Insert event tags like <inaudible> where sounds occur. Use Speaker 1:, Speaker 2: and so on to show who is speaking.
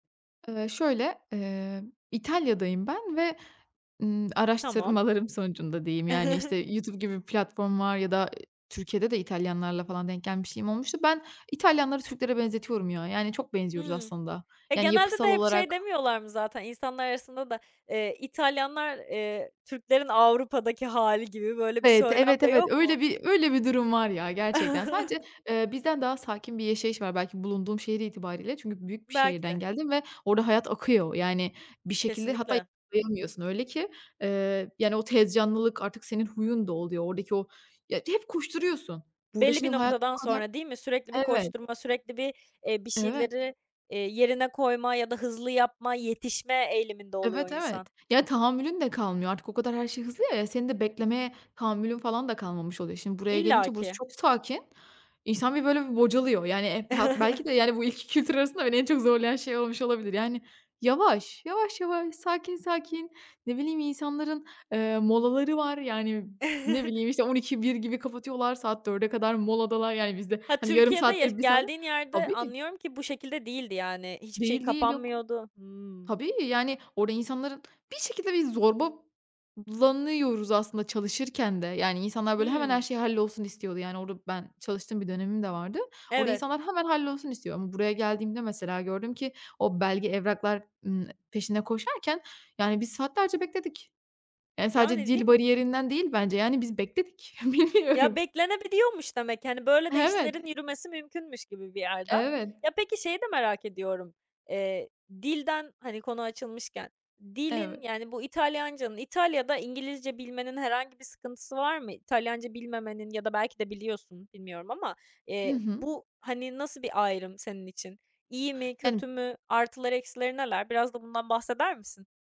Speaker 1: Iıı, şöyle, ııı, İtalya'dayım ben ve, ımm,
Speaker 2: Tamam.
Speaker 1: araştırmalarım sonucunda diyeyim, yani, işte,
Speaker 2: <chuckles>
Speaker 1: YouTube gibi bir platform var ya da, ııı, Türkiye'de de İtalyanlarla falan denk gelmişliğim olmuştu. Ben İtalyanları Türklere benzetiyorum ya, yani çok benziyoruz
Speaker 2: Hımm.
Speaker 1: aslında,
Speaker 2: Ya
Speaker 1: yani
Speaker 2: genelde de
Speaker 1: yapısal
Speaker 2: hep, şey
Speaker 1: olarak
Speaker 2: demiyorlar mı zaten, insanlar arasında da, eee, İtalyanlar, eee, Türklerin Avrupa'daki hâli gibi, böyle bir
Speaker 1: Evet,
Speaker 2: söylem
Speaker 1: evet,
Speaker 2: de
Speaker 1: evet,
Speaker 2: yok mu?
Speaker 1: öyle bir, öyle bir durum var ya gerçekten. Sadece,
Speaker 2: <chuckles>
Speaker 1: eee, bizden daha sakin bir yaşayış var, belki bulunduğum şehir itibariyle, çünkü büyük bir
Speaker 2: Belki
Speaker 1: şehirden
Speaker 2: de.
Speaker 1: geldim ve orada hayat akıyor. Yani bir şekilde hatta
Speaker 2: Kesinlikle.
Speaker 1: yakalayamıyorsun öyle ki, ııı, yani o tez canlılık, artık senin huyun da oluyor, oradaki o ya hep koşturuyorsun. Burada
Speaker 2: Belli bir
Speaker 1: şimdi hayat
Speaker 2: noktadan
Speaker 1: <unintelligible>
Speaker 2: sonra değil mi? Sürekli bir
Speaker 1: Evet.
Speaker 2: koşturma, sürekli bir, eee, bir
Speaker 1: Evet.
Speaker 2: şeyleri, eee, yerine koyma ya da hızlı yapma, yetişme eğiliminde oluyor
Speaker 1: Evet, evet,
Speaker 2: insan.
Speaker 1: ya tahammülün de kalmıyor artık, o kadar her şey hızlı ya, ya senin de beklemeye tahammülün falan da kalmamış oluyor. Şimdi buraya gelince, burası
Speaker 2: İllaki.
Speaker 1: çok sakin, insan bir böyle bir bocalıyor, yani, e pa belki de,
Speaker 2: <chuckles>
Speaker 1: yani bu iki kültür arasında, beni en çok zorlayan şey olmuş olabilir yani, yavaş. Yavaş yavaş, sakin sakin ne bileyim insanların, ııı, molaları var yani ne
Speaker 2: <chuckles>
Speaker 1: bileyim işte, 12.00-13.00 gibi kapatıyorlar, saat 16.00´e kadar moladalar yani bizde,
Speaker 2: Ha,
Speaker 1: hani, yarım
Speaker 2: Türkiye'de
Speaker 1: saat
Speaker 2: yaş
Speaker 1: 1 saat
Speaker 2: geldiğin yerde,
Speaker 1: Tabii.
Speaker 2: anlıyorum ki bu şekilde değildi yani. Hiçbir şey
Speaker 1: Değil, değil yok
Speaker 2: kapanmıyordu. Hımm.
Speaker 1: Tabii, yani orada insanların bir şekilde, bir zorbalanıyoruz aslında çalışırken de, yani insanlar böyle hemen her
Speaker 2: Hıı.
Speaker 1: şey hallolsun istiyordu yani, orada ben çalıştığım bir dönemim de vardı. Orada
Speaker 2: Evet.
Speaker 1: insanlar hemen hallolsun istiyor ama buraya geldiğimde mesela, gördüm ki, o belge evraklar, ımm, peşinde koşarken, yani biz saatlerce bekledik, yani sadece
Speaker 2: Yani, değil
Speaker 1: dil
Speaker 2: mi?
Speaker 1: bariyerinden değil bence yani, biz bekledik,
Speaker 2: Ya
Speaker 1: bilmiyorum.
Speaker 2: beklenebiliyormuş demek. Hani böyle de,
Speaker 1: Evet.
Speaker 2: işlerin yürümesi mümkünmüş gibi bir yerde.
Speaker 1: Evet.
Speaker 2: Ya, peki, şeyi de merak ediyorum. Eee, dilden hani konu açılmışken, dilin,
Speaker 1: Evet.
Speaker 2: yani bu İtalyancanın, İtalya'da İngilizce bilmenin herhangi sıkıntısı var mı? İtalyanca bilmemenin ya da belki de biliyorsun, bilmiyorum ama,
Speaker 1: Hı
Speaker 2: eee,
Speaker 1: hı.
Speaker 2: bu, hani, nasıl bir ayrım senin için? İyi mi, kötü
Speaker 1: Yani.
Speaker 2: mü? Artıları, eksileri neler? Biraz da bundan bahseder misin?